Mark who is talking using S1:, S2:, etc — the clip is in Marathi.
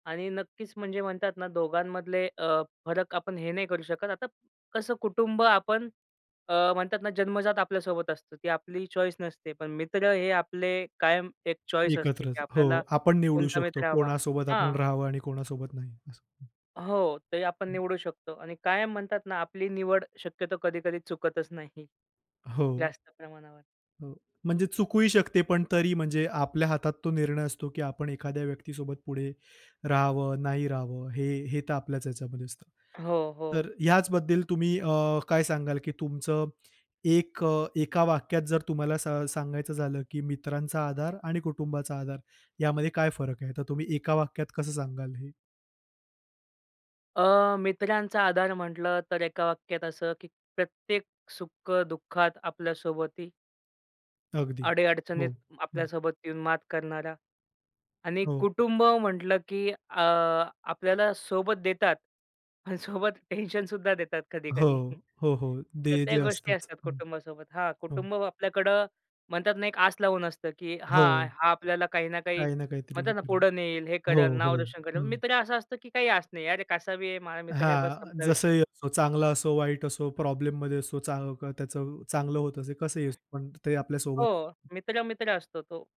S1: आणि नक्कीच म्हणजे म्हणतात ना दोघांमधले अ, फरक आपण हे नाही करू शकत. आता कसं कुटुंब आपण अ, म्हणतात ना जन्मजात आपल्या सोबत असतं. ती आपली चॉईस नसते. पण मित्र हे आपले कायम एक चॉईस असते
S2: एकत्रच,
S1: की
S2: हो.
S1: आपल्याला
S2: आपण निवडू
S1: कोणता
S2: शकतो
S1: मित्र हवा
S2: कोणासोबत
S1: हां.
S2: आपण राहावं आणि कोणासोबत नाही. असं. हं.
S1: हो, ते आपण
S2: हं.
S1: निवडू शकतो आणि कायम म्हणतात ना आपली निवड शक्यतो कधी-कधी चुकतच नाही.
S2: हो.
S1: जास्त प्रमाणावर.
S2: हो. म्हणजे चुकूही शकते पण तरी म्हणजे आपल्या हातात तो निर्णय असतो की आपण एखाद्या व्यक्तीसोबत पुढे राहावं, नाही रहावं, हे हे तर आपल्याच ह्याच्यामध्ये असतं.
S1: हो, हो.
S2: तर ह्याचबद्दल तुम्ही अ, काय सांगाल की तुमचं एक अ, एका वाक्यात जर तुम्हाला सा सांगायचं झालं की मित्रांचा आधार आणि कुटुंबाचा आधार यामध्ये काय फरक आहे, तर तुम्ही एका वाक्यात कसं सांगाल हे?
S1: अ, मित्रांचा आधार म्हटलं तर एका वाक्यात असं की प्रत्येक सुख-दुःखात आपल्या सोबती.
S2: अगदी. हो.
S1: अडी-अडचणीत
S2: हं.
S1: आपल्यासोबत येऊन मात करणारा. आणि
S2: हो.
S1: कुटुंब म्हटलं की अ, आपल्याला सोबत देतात अन् सोबत टेन्शन सुद्धा देतात
S2: हो.
S1: कधी-कधी.
S2: हो, हो.
S1: तर
S2: दे
S1: त्या
S2: जे
S1: गोष्टी
S2: असतंच.
S1: असतात
S2: हं.
S1: कुटुंबासोबत. हां,
S2: हो.
S1: कुटुंब आपल्याकडं म्हणतात ना एक आस लावून असतं की
S2: हो.
S1: हां, हा आपल्याला काही ना काही
S2: काही ना काहीतरी हे
S1: म्हणतात ना
S2: करेल.
S1: पुढे नेईल, हे
S2: हो,
S1: करेल, नाव
S2: हो.
S1: रोशन करेल,
S2: हं.
S1: मित्र असं असतं की काही आस नाही. "अरे कसा बी आहे. माझा मित्र आहे. बस
S2: हां,
S1: संपला विषय."
S2: जसंही असो. चांगला असो, वाईट असो, प्रॉब्लेममध्ये असो, चां क त्याचं चांगलं होत असे कसंही असतो, पण ते आपल्या
S1: हो,
S2: सोबत.
S1: मित्र मित्र असतो तो